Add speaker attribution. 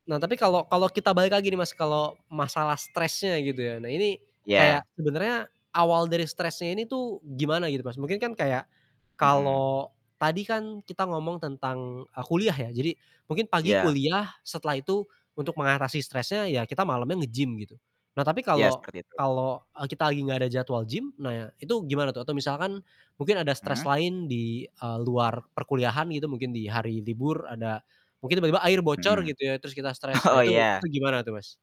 Speaker 1: Nah tapi kalau kalau kita balik lagi nih Mas, kalau masalah stresnya gitu ya. Nah ini kayak
Speaker 2: Iya.
Speaker 1: sebenarnya awal dari stresnya ini tuh gimana gitu, Mas? Mungkin kan kayak
Speaker 2: Mhm.
Speaker 1: kalau tadi kan kita ngomong tentang, e kuliah ya. Jadi, mungkin pagi
Speaker 2: Iya.
Speaker 1: kuliah setelah itu untuk mengatasi stresnya ya kita malamnya nge-gym gitu. Nah tapi
Speaker 2: Iya,
Speaker 1: kalau
Speaker 2: seperti itu.
Speaker 1: kalau, e kita lagi nggak ada jadwal gym, nah itu gimana tuh atau misalkan mungkin ada stres
Speaker 2: Mhm.
Speaker 1: lain di, eee, luar perkuliahan gitu mungkin di hari libur ada mungkin tiba-tiba air bocor
Speaker 2: Mhm.
Speaker 1: gitu ya terus kita stres, nah
Speaker 2: Oh
Speaker 1: itu
Speaker 2: iya.
Speaker 1: itu gimana tuh, Mas?